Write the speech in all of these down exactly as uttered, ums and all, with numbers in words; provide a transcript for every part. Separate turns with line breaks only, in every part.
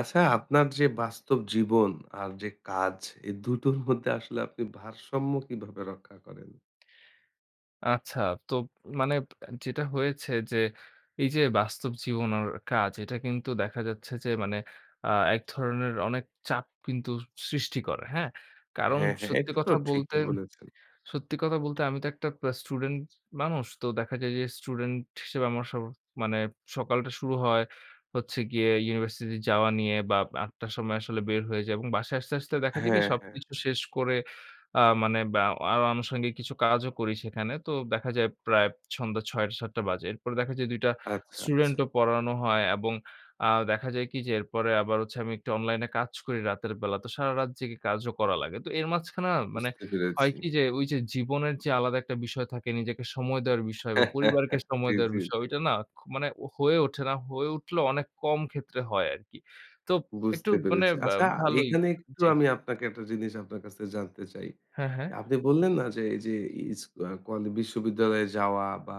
আচ্ছা, আপনার যে বাস্তব জীবন আর যে কাজ। এ দুটোর মধ্যে আসলে আপনি ভারসাম্য কিভাবে রক্ষা করেন?
আচ্ছা, তো মানে আ যেটা হয়েছে যে, এই যে বাস্তব জীবন আর কাজ এটা কিন্তু দেখা যাচ্ছে যে মানে আ এক ধরনের অনেক চাপ কিন্তু সৃষ্টি করে। হ্যাঁ? কারণ
হ্যাঁ, হ্যাঁ।
সত্যি
এটা তো
কথা বলতে,
ঠিকই বলেছেন।
সত্যি কথা বলতে আমি তো একটা আ স্টুডেন্ট মানুষ। তো দেখা যায় যে স্টুডেন্ট হিসেবে আমার সব মানে সকালটা শুরু হয় হচ্ছে গিয়ে ইউনিভার্সিটি যাওয়া নিয়ে বা আব আটটা র সময় আসলে বের হয়ে যায় এবং বাসায় আসতে, আসতে দেখা যায় কি
হ্যাঁ, হ্যাঁ।
সবকিছু শেষ করে আ মানে বা আরো আনুষঙ্গিক কিছু কাজও করি সেখানে। তো দেখা যায় প্রায় সন্ধ্যা ছয়টা থেকে সাতটা বাজে। এরপরে দেখা যায় দুই টা
আচ্ছা, আচ্ছা।
স্টুডেন্টও পড়ানো হয় এবং আ দেখা যায় কি? যে এরপরে আবার হচ্ছে আমি একটু অনলাইনে কাজ করি রাতের বেলা। তো সারারাত জেগে কাজও করা লাগে। তো এর মাঝখানে না মানে
বুঝতে
হয়
পেরেছি।
কি? যে ওই যে জীবনের যে আলাদা একটা বিষয় থাকে। নিজেকে সময় দেওয়ার বিষয় বা পরিবারকে
জি,
সময় দেওয়ার
জি,
বিষয়
জি।
ওইটা না খ মানে হয়ে ওঠে না। হয়ে উঠলেও অনেক কম ক্ষেত্রে হয় আরকি। তো একটু
বুঝতে
মানে
পেরেছি।
আ
আচ্ছা,
ভালোই
এখানে একটু
জি।
আমি আপনাকে একটা জিনিস আপনার কাছে জানতে চাই।
হ্যাঁ, হ্যাঁ।
আপনি বললেন না, যে এই যে ইস্কু আ কলে বিশ্ববিদ্যালয়ে যাওয়া বা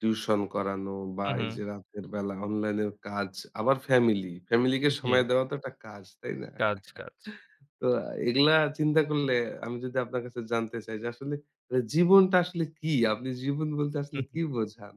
টিউশন করানো বা
হু,
এই যে
হু।
রাতের বেলা অনলাইনের কাজ, আবার ফ্যামিলি। ফ্যামিলিকে সময়
জি।
দেওয়া তো একটা কাজ, তাই না?
কাজ, কাজ।
তো আ এগুলা চিন্তা করলে আমি যদি আপনার কাছে জানতে চাই। যে আসলে মানে জীবনটা আসলে কী? আপনি জীবন বলতে
হু,
আসলে
হু।
কী বোঝান?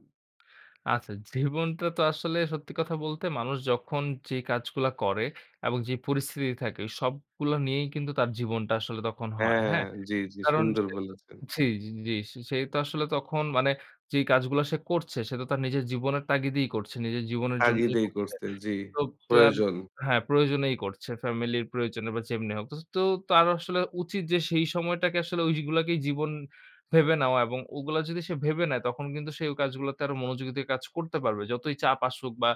আচ্ছা, জীবনটা তো আসলে সত্যি কথা বলতে, মানুষ যখন যে কাজগুলা করে এবং যে পরিস্থিতি থাকে সবগুলা নিয়েই কিন্তু তার জীবনটা আসলে তখন হয়।
হ্যাঁ,
হ্যাঁ?
জি, জি।
কারণ,
সুন্দর
সে তো
বলেছেন।
জি, জি, জি। সে তো আসলে তখন মানে যেই কাজগুলা সে করছে সে তো তার নিজের জীবনের তাগিদেই করছে। নিজের জীবনের জন্যই
তাগিদেই
করছে।
করছে। জি,
তোব তো
প্রয়োজন।
হ্যাঁ, প্রয়োজনেই করছে। ফ্যামিলি প্রয়োজনে বা যেমনি হোক। তো তার আসলে উচিত যে সেই সময়টাকে আসলে ঐগুলাকেই জীবন ভেবে নেওয়া এবং ওগুলা যদি সে ভেবে নেয় তখন কিন্তু সে ঐ কাজগুলাতে আরো মনোযোগিতা কাজ করতে পারবে। যতই চাপ আসুক বা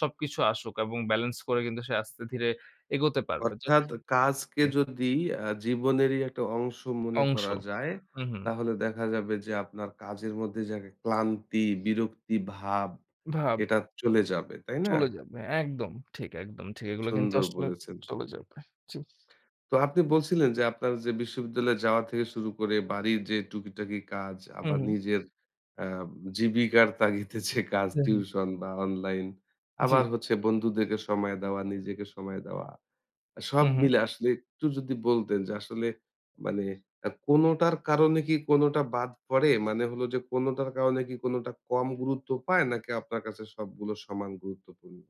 সবকিছু আসুক এবং বেলেন্স করে কিন্তু সে আস্তে ধীরে এগোতে পারবে। তো
অর্থাৎ কাজকে
হ্যাঁ।
যদি আ জীবনেরই একটা অংশ মনে
অংশ,
করা যায়,
হু, হু।
তাহলে দেখা যাবে যে আপনার কাজের মধ্যে যে একটা ক্লান্তি, বিরক্তি ভাব
ভাব।
এটা চলে যাবে। তাই না?
চলে যাবে। হ্যাঁ, একদম ঠিক, একদম ঠিক। এগুলো কিন্তু
সুন্দর
আসলে
বলেছেন।
চলে যাবে, জি।
তো আপনি বলছিলেন, যে আপনার যে বিশ্ববিদ্যালয়ে যাওয়া থেকে শুরু করে বাড়ির যে টুকিটাকি কাজ
হু,
আবার
হু।
নিজের আ জীবিকার তাগিদে যে কাজ।
হ্যা, হ্যা।
টিউশন বা অনলাইন আবার
জি।
হচ্ছে বন্ধুদেরকে সময় দেওয়া, নিজেকে সময় দেওয়া। আ সব
হু, হু।
মিলে আসলে একটু যদি বলতেন। যে আসলে মানে আ কোনোটার কারণে কি কোনোটা বাদ পড়ে? মানে হলো যে কোনোটার কারণে কি কোনোটা কম গুরুত্ব পায়, নাকি আপনার কাছে সবগুলো সমান গুরুত্বপূর্ণ?